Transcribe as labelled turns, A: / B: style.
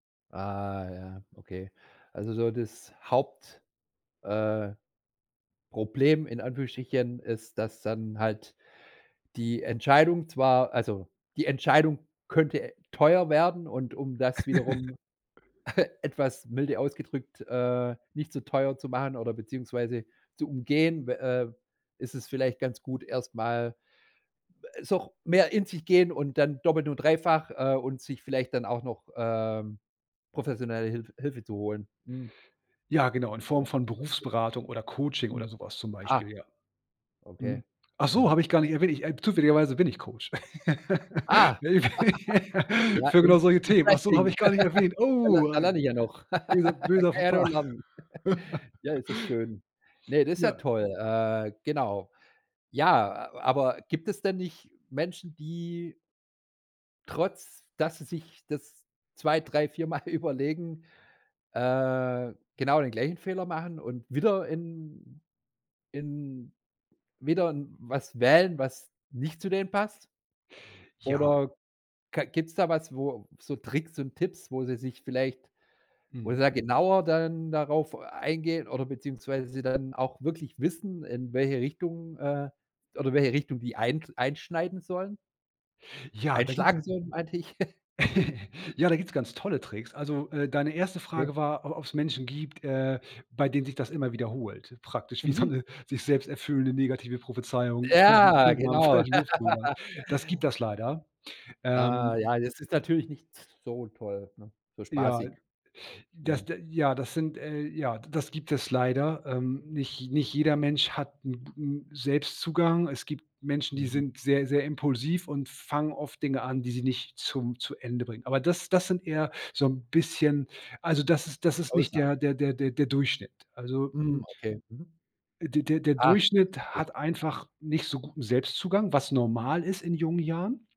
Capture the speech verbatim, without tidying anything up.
A: Ah ja, okay. Also so das Haupt äh, Problem, in Anführungsstrichen, ist, dass dann halt die Entscheidung zwar also, die Entscheidung könnte teuer werden und um das wiederum etwas milde ausgedrückt, äh, nicht so teuer zu machen oder, beziehungsweise zu umgehen, we äh, ist es vielleicht ganz gut, erst mal so, ch mehr in sich gehen und dann doppelt und dreifach, äh, und sich vielleicht dann auch noch, ähm, professionelle Hilf Hilfe zu holen. Mhm.
B: Ja genau in Form von
A: [unintelligible]
B: Berufsberatung oder Coaching oder
A: Mhm.
B: sowas zum
A: Ah.
B: Beispiel, ja. Mhm.
A: Okay.
B: Ach so,
A: Mhm.
B: habe ich gar nicht erwähnt, ich, äh zufälligerweise bin ich Coach.
A: Ah
B: Ne, für
A: Ja,
B: Für
A: in
B: genau solche Themen. Ach so, habe
A: interesting.
B: ich gar nicht erwähnt.
A: Da lern
B: Oh,
A: da lern ich ja noch.
B: böser
A: Da kann
B: böser
A: ich
B: Faux
A: ja nur
B: pas.
A: lernen. Ja, ist das schön. Ne, das ist ja
B: Ja.
A: toll, äh, genau. Ja, a aber gibt es denn nicht Menschen, die trotz, dass sie sich das zwei, drei, vier Mal überlegen, äh, genau den gleichen Fehler machen und wieder in in wieder was wählen, was nicht zu denen passt?
B: Ja.
A: Oder, ka gibt's da was, wo so Tricks und Tipps, wo sie sich vielleicht wo sie
B: Mhm.
A: da genauer dann darauf eingehen oder beziehungsweise dann auch wirklich wissen, in welche Richtung, äh oder welche Richtung die eint einschneiden sollen?
B: Ja, da gibt's
A: Einschlagen sollen, meinte ich.
B: Ja, da gibt's ganz tolle Tricks, also, äh, deine erste
A: Okay.
B: Frage war, o ob's Menschen gibt, äh, bei denen sich das immer wiederholt praktisch, wie so
A: Mhm.
B: 'ne sich selbst erfüllende, negative Prophezeiung fünf,
A: Ja,
B: fünf Mal im
A: genau.
B: falschen Beruf zu landen. Das gibt das leider.
A: Ah,
B: Ähm
A: ja, das ist natürlich nicht so toll, ne so
B: Ja,
A: spaßig.
B: das
A: Mhm.
B: de ja, das sind, äh ja, das gibt es leider. Ähm, nicht nicht jeder Mensch hat 'n g 'n Selbstzugang. Es gibt Menschen, die
A: Mhm.
B: sind sehr, sehr impulsiv und fangen oft Dinge an, die sie nicht zum zu Ende bringen. Aber das das sind eher so 'n bisschen also, das ist das ist nicht
A: Grausam.
B: der der der der der Durchschnitt. Also, mm
A: Mhm, okay. Mhm.
B: der der der
A: Ah,
B: Durchschnitt
A: okay.
B: hat einfach nicht so guten Selbstzugang, was normal ist in jungen Jahren.